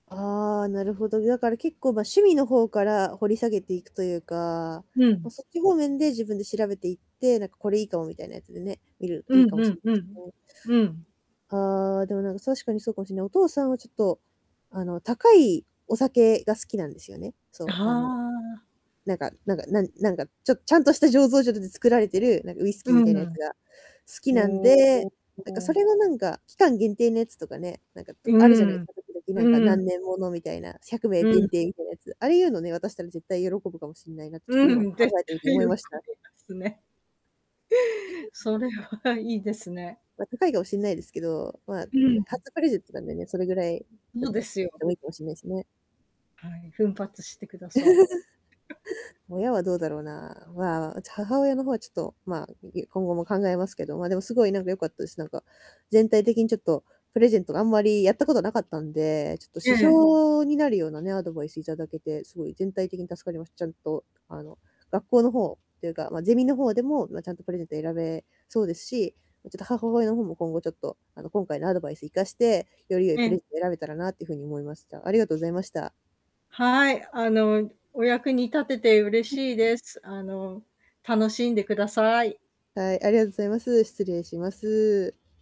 ああ、なるほど。だから結構、ま、趣味の方から掘り下げていくというか、うま、ん。そっち方面で自分で調べていって、なんか、「これ良いかも」みたいなやつでね、見るう良いんかもうしんれないうですん、ね。うん。ああ、でも、なんか、確かにそうかもしれない。お父さんはちょっと、あの、高いお酒が好きなんですよね。そあう、あの、あ。なんかなんかなんなんか、ちょっちゃんとした醸造所で、で、作られてる、なんか、ウイスうキーみたいなやつん。が、好きなんほで、なんか、そお。れはなんか、期間限定のやつとかね、なんか、うとあるじゃないんうすん。か、時々、なんか、うん。何年もの、みたいな、100名う限ん。定みたいなやつ。ああいうのね、渡したら絶対喜ぶかもしんないなって、ちょっうと今、考ん、絶えてみて対思喜いびました。ますね。それはいいですね。まあ、高いかもしんないですけど、まあ、うも、ん。初プレゼントなんでね、それぐらい、ちょそっうでとすよ。でも、良いかもしんないですね。はい、奮発してください。親はどうだろうな、まあ、うち、母親の方は、ちょっと、まあ、いい今後も考えますけど。まあ、でも凄いなんか良かったです、なんか、全体的にちょっと、プレゼントがあんまりやったことは無かったんで、ちょっとえ指え。標になるようなね、アドバイス頂けて、凄い全体的に助かりました。ちゃんと、あの、学校の方っていうか、まあゼミの方でも、ま、ちゃんとプレゼント選べそうですし、もう、ちょっと、母親の方も今後ちょっと、あの、今回のアドバイス活かして、より良いえプレえ。ゼント選べたらなっていう風に思いました。ありがとうございました。はい。あの、お役に立てて嬉 しいです。あの、楽しんでください。はい、ありがとうございます。失礼します。